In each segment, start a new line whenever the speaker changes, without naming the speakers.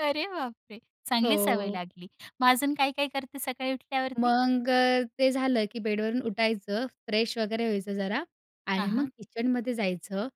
अरे बापरे!
हो,
चांगली सवय
हो.
लागली. मग अजून काय-काय करते सकाळी उठल्यावरती?
मग ते झालं की बेडवरून उठायचं, फ्रेश वगैरे व्हायचं जरा आणि
हां,
मग
हां.
किचनमध्ये जायचं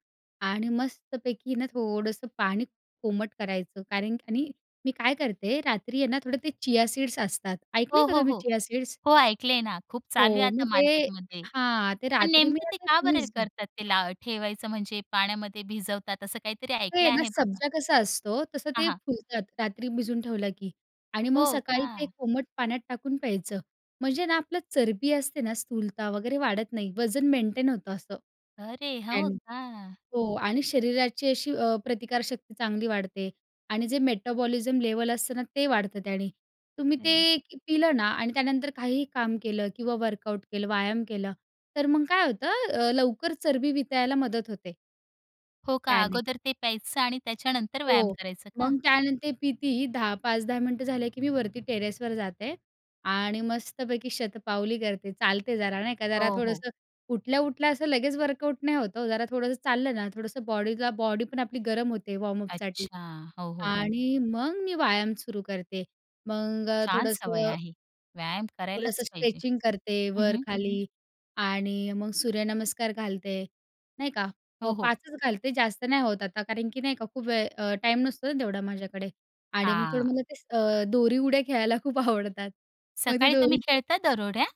आणि मस्तपैकी ना थोडंसं पाणी कोमट करायचं. कारण आणि मी काय करते, रात्री आहे ना, थोडे ते चिया सीड्स असतात
हो,
ऐकले का
हो,
तुम्ही
हो,
चिया सीड्स?
हो, ऐकलंय ना. खूप चालू आहे
हो,
आता
मग ते
मार्केटमध्ये.
हां, ते
पण
रात्री मी
नेमकं ते का बरे
[unintelligible]
करतात ते ला ठेवायचं? म्हणजे पाण्यामध्ये भिजवतात असं काहीतरी
ते
ऐकलं
आहे ना,
आहे बाबा.
सब्जा कसा असतो, तसं
हां,
ते
हां.
फुलतात रात्री भिजून ठेवलं की आणि मग
हो
सकाळी ते
का?
कोमट पाण्यात टाकून प्यायचं. म्हणजे ना, आपलं चरबी असते ना स्थूलता वगैरे वाढत नाही. वजन मेंटेन होतं असं
अरे! हो
त्यांनी
का?
हो आणि शरीराची अशी अ, प्रतिकारशक्ती चांगली वाढते आणि जे मेटाबॉलिझम लेवल असतं ना ते वाढतं त्याने. तुम्ही
अरे.
ते पिलं ना आणि त्यानंतर काहीही काम केलं किंवा वर्कआउट केलं व्यायाम केलं तर मग काय होतं अ, लवकर चरबी वितळायला मदत होते.
हो का,
त्याने.
अगोदर ते प्यायचं आणि त्याच्यानंतर व्यायाम
हो,
करायचं का?
मग त्यानंतर कितीही 10 5-10 मिनिटं झाले, की मी वरती टेरेसवर जाते आणि मस्तपैकी शतपावली करते. चालते जरा नाही का. जरा
हो, हो.
थोडंसं उठल्या-उठल्या असं लगेच वर्कआउट नाही होतं हो. जरा थोडंसं चाललं ना, थोडंसं बॉडीला बॉडी पण आपली गरम होते वॉर्मअप साठी
अच्छा! हो, हो, हो.
आणि मग मी व्यायाम सुरू करते. मग
छान सवय
थोडंसं
आहे, व्यायाम करायलाच
थोडंसं
पाहिजे
स्ट्रेचिंग करते
हं, हं.
वरखाली आणि मग सूर्यनमस्कार घालते, नाही का? प
हो, हो.
5 च घालते जास्त नाही होत आता कारण की नाही का खूप वेळ अ ,टाईम नसतो ना तेवढा माझ्याकडे आणि मग थोडं
हां.
मला ते अ, दोरी उड्या खेळायला खूप आवडतात. मग ती
सकाळी तुम्ही
दोरीच
खेळता दरोड्या?